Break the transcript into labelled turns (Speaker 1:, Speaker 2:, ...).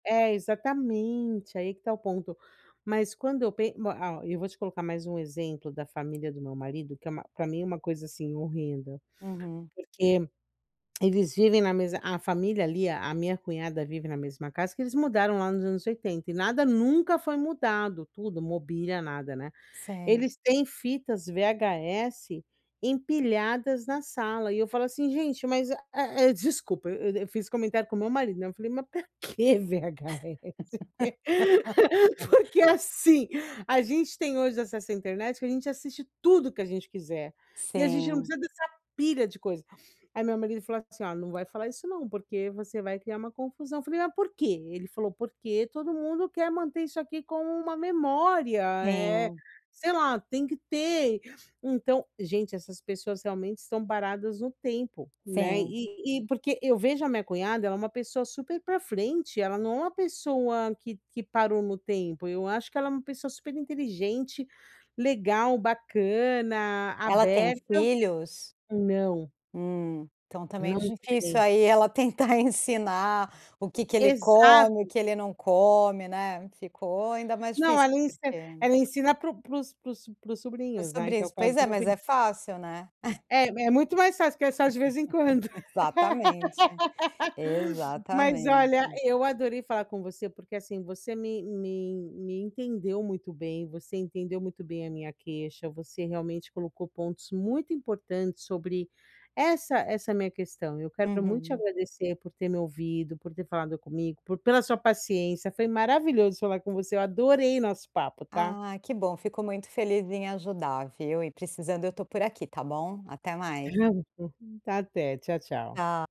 Speaker 1: É, exatamente, aí que está o ponto. Mas quando eu pen ma ó, e eu vou te colocar mais um exemplo da família do meu marido, que é uma pra mim é uma coisa, assim, horrenda.
Speaker 2: Uhum.
Speaker 1: Porque eles vivem na mesma a família ali a minha cunhada vive na mesma casa que eles mudaram lá nos anos 80, e nada nunca foi mudado. Tudo, mobília, nada, né.
Speaker 2: Sei.
Speaker 1: Eles têm fitas VHS empilhadas na sala, e eu falo assim: “Gente, mas, eh-eh "desculpa, e eu fiz o comentário com meu marido, né, eu falei: “Mas pra que VHS?". Porque assim, a gente tem hoje acesso à internet, que a gente assiste tudo que a gente quiser, e a gente não
Speaker 2: Sim.
Speaker 1: precisa dessa pilha de coisa. Aí meu marido ele falou assim, ó: "Não vai falar isso não, porque você vai criar uma confusão”. Eu falei: “Ah, por quê?”, ele falou: “Porque todo mundo quer manter isso aqui como uma memória, eh,
Speaker 2: Sim.
Speaker 1: sei lá, tem que ter”. Então gente, essas pessoas realmente estão paradas no tempo, né,
Speaker 2: Sim.
Speaker 1: e e porque eu vejo a minha cunhada, ela é uma pessoa super pra frente, ela não é uma pessoa que que parou no tempo, eu acho que ela é uma pessoa superinteligente, legal, bacana,
Speaker 2: Ela tem
Speaker 1: aberta.
Speaker 2: filhos?
Speaker 1: Não.
Speaker 2: Hum. Então tá meio
Speaker 1: Não
Speaker 2: difícil
Speaker 1: tem.
Speaker 2: aí ela tentar ensinar o que que ele come, o
Speaker 1: Exato.
Speaker 2: que ele não come, né. Ficou ainda mais
Speaker 1: Não,
Speaker 2: difícil,
Speaker 1: ela ensi
Speaker 2: porque
Speaker 1: ela ensina para o para os para os para os
Speaker 2: Para os
Speaker 1: sobrinhos, né, que é o
Speaker 2: sobrinhos.
Speaker 1: caso
Speaker 2: Pois é,
Speaker 1: do meu
Speaker 2: mas
Speaker 1: filho.
Speaker 2: é fácil, né.
Speaker 1: É é muito mais fácil, porque é só de vez em quando.
Speaker 2: Exatamente.
Speaker 1: Mas olha,
Speaker 2: Exatamente.
Speaker 1: eu adorei falar com você, porque assim, você me me en me entendeu muito bem, você entendeu muito bem a minha queixa, você realmente colocou pontos muito importantes sobre essa essa minha questão. Eu quero muito te
Speaker 2: Uhum.
Speaker 1: agradecer por ter me ouvido, por ter falado comigo, por pela sua paciência, foi maravilhoso falar com você. Eu adorei nosso papo, tá.
Speaker 2: Ah, que bom. Fico muito feliz em ajudar, viu. E precisando eu estou por aqui, tá bom? Até mais.
Speaker 1: Até, tchau, tchau.
Speaker 2: Tcha